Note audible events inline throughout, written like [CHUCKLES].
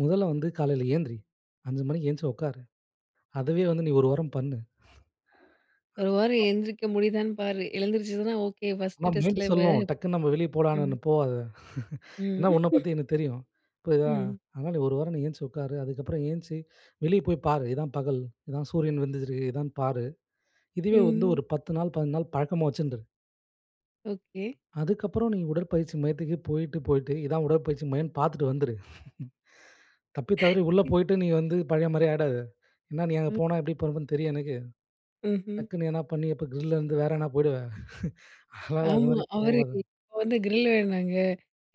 மொதல வந்து காலைல ஏந்திரி, 5 மணிக்கு ஏந்திச்சி உட்காரு. அதையே வந்து நீ ஒரு வாரம் பண்ணு. ஒரு வாரம் [UNINTELLIGIBLE] எழுந்திரிக்க முடியுதான்னு பாரு, எழுந்திரிச்சுதுன்னா ஓகே ஆனா பர்ஸ்ட் மைண்ட் டெஸ்ட்ல இவ. சொல்லும், டக்குனு நம்ம வெளிய போலானுன்னு. ம். "போகாத. [CHUCKLES] ம் ஏன்னா, உன்னப் [CHUCKLES] பத்தி எனக்கு தெரியும். புரியுதா. ம். அதனால, நீ ஒரு வாரம் நீ ஏந்திச்சி உட்காரு. அதுக்கப்புறம் ஏந்திச்சி, வெளியே போய் பாரு. இதான் பகல். இதான் சூரியன் வந்துருக்குது. இதான் பாரு. இதுவே வந்து ம். ஒரு 10 நாள், 15 நாள் பழக்கமா வச்சுண்டுரு." ஓகே. அதுக்கப்புறம், நீ உடற்பயிற்சி மையத்துக்கு போயிட்டு, போயிட்டு, இது தான் உடற்பயிற்சி மையம்ன்னு பாத்துட்டு வந்துரு. [CHUCKLES] தப்பி தவறி உள்ள [CHUCKLES] போயிட்டு நீ வந்து பழைய மாரியே ஆயிடாத. என்ன நீ அங்கே ம். போனா, எப்படி பொலம்புவன்னு தெரியும் எனக்கு. ம்ஹ்ம். டக்குனு எதனா பண்ணி, அப்போ கிரில்ல இருந்து வேற எதுனா போயிடுவ. அதுனால அது ஆமா. மாரி அவரு, போவாத. "இப்ப வந்து கிரில் வேணுங்க.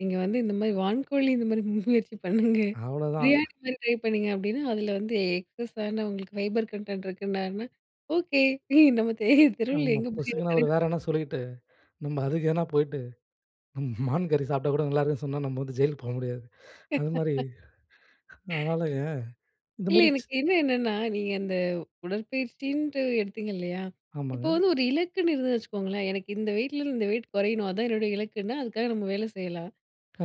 நீங்க வந்து இந்த மாரி வான்கோழி இந்த மாதிரி மு முயற்சி பண்ணுங்க. அவ்வளோதான், பிரியாணி மாதிரி ட்ரை பண்ணுங்க," அப்டின்னா, அதில வந்து எக்ஸஸான உங்களுக்கு ஃபைபர் கன்டென்ட் இருக்குன்னாருன்னா ஓகே, ஏ நம்ம தெ தெருவில ஆமா. எங்க பிரியாணி பொசுக்குனா கடை? அவரு வேற எதுனா சொல்லிட்டு, நம்ம அதுக்கு எதுனா போயிட்டு, [CHUCKLES] மான் கறி சாப்பிட்டா கூட நல்லாயிருக்குன்னு சொன்னா, நம்ம வந்து ஜெயிலுக்கு போ முடியாது. அது மாரி, [LAUGHS] [CHUCKLES] அதுனால, இந்த இல்ல மாரி, சின் எனக்கு இன்னும் என்னன்னா, நீங்க அந்த உடற்பயிற்சின்ட்டு எடுத்தீங்க இல்லையா? இப்போ ஆமாங்க. வந்து ஒரு இலக்குன்னு இருந்ததுன்னு வச்சுக்கோங்களேன், எனக்கு இந்த வெயிட்லருந்து இந்த வெயிட் குறையணும் அதுதான் என்னுடைய இலக்குன்னா, அதுக்காக நம்ம வேலை செய்யலாம்.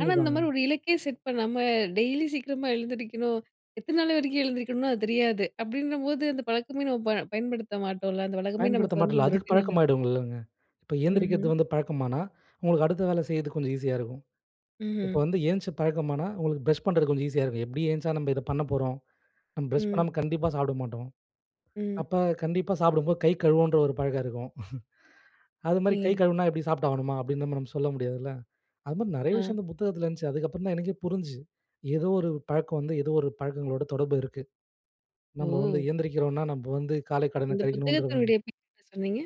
ஆனா, இந்த மாதிரி ஒரு இலக்கே செட் பண்ணாம டெய்லி சீக்கிரமா எழுந்திரிக்கணும், எத்தனை நாள் வரைக்கும் எழுந்திரிக்கணும்னு அது தெரியாது. அப்டின்னும்போது அந்த பழக்கமே, நம்ம ப பயன்படுத்த மாட்டோம்ல அந்த வழக்கமே பயன்படுத்த நமக்கு வந்து மாட்டேல்ல, அந்த அதுக்கு ரொட்டீனால. பழக்கமாகிடுல்லங்க. இப்போ ஏந்திரிக்கிறது ம்ஹ்ம். வந்து பழக்கமானா, உங்களுக்கு அடுத்த வேலை செய்றதுக்கு கொஞ்சம் ஈஸியா இருக்கும். இப்ப ம்ஹ்ம். வந்து எந்திச்சி பழக்கமானா, உங்களுக்கு ப்ரஷ் பண்ணுறது கொஞ்சம் ஈஸியா இருக்கும். எப்டியும் எந்திச்சா நம்ம இதை பண்ண போறோம், நம்ம ப்ரஷ் ம். பண்ணாம கண்டிப்பா சாப்பிட மாட்டோம். ம். அப்ப கண்டிப்பா சாப்பிடும்போது கை கழுவனுன்ற ஒரு பழக்கம் இருக்கும். [CHUCKLES] அது மாரி கை நீங்க கழுவினா, எப்டி சாப்பிட்டாகணுமா? அப்டின்னு நம்ம ர சொல்ல முடியாதுல்ல. அது மாரி நெறைய அ. விஷயம் இந்த புத்தகத்தில இருந்ததுச்சி. அதுக்கு அப்புறம் தான் எனக்கே புரிஞ்சிது. ஏதோ ஒரு பழக்கம் வந்து, ஏதோ ஒரு பழக்கங்களோடு தொடர்பு இருக்கு. நம்ம வந்து ஓ! ஏந்திரிக்கிறோம்னா, நம்ம வந்து காலைக் கடன இந்த கழிக்கணும்ன்ற மாரி. புத்தகத்தினுடைய பேர் என்ன சொன்னீங்க?